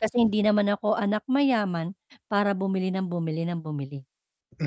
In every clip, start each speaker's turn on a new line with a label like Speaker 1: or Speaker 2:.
Speaker 1: Kasi hindi naman ako anak mayaman para bumili nang bumili nang bumili,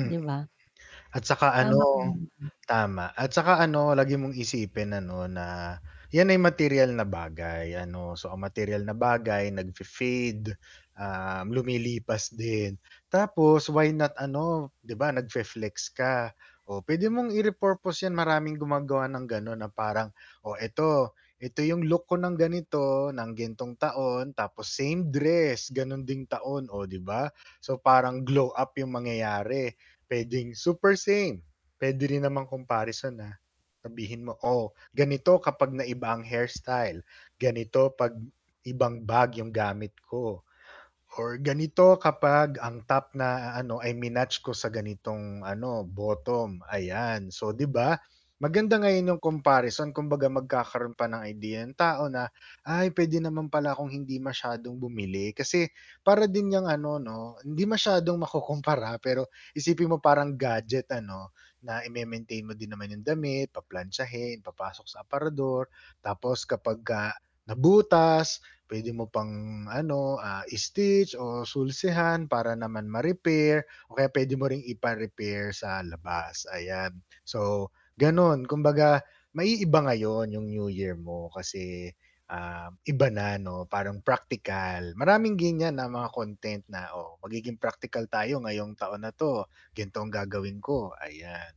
Speaker 1: 'di ba?
Speaker 2: At saka
Speaker 1: Tama ka na
Speaker 2: ano
Speaker 1: naman.
Speaker 2: tama. At saka ano, lagi mong isipin ano na 'yan ay materyal na bagay ano. So, ang materyal na bagay nagfe-fade, ah, lumilipas din. Tapos why not ano, 'di ba, nagfe-flex ka, oh, puwede mong i-repurpose 'yan. Maraming gumagawa ng gano'n na parang, "Oh, ito ito 'yong look ko ng ganito ng ganitong taon tapos same dress, gano'n ding taon, oh, 'di ba?" So, parang glow-up 'yong mangyayari. Puwedeng super same, puwede rin namang comparison na sabihin mo "Oh, ganito kapag naiba ang hairstyle. Ganito 'pag ibang bag 'yong gamit ko. Or ganito kapag ang top na a ano ay minatch ko sa ganitong ano, bottom." Ayan. So, 'di ba? Maganda ngayon 'yong comparison kumbaga magkakaroon pa ng idea yung tao na, "Ay, puwede naman pala akong hindi masyadong bumili." Kasi para din 'yang ano 'no, hindi masyadong makukumpara, pero isipin mo parang gadget ano, na ime-maintain mo din naman 'yong damit, paplantsahin, papasok sa aparador tapos kapagka nabutas, puwede mo pang ano, ah, i-stitch o sulsihan para naman ma-repair o kaya puwede mo ring ipa-repair sa labas, ayan. So, gano'n. Kumbaga maiiba ngayon 'yong new year mo kasi, ah, iba na 'no, parang practical. Maraming gan'yan na mga content na, "Oh, magiging practical tayo ngayong taon na 'to. Ganito ang gagawin ko," ayan.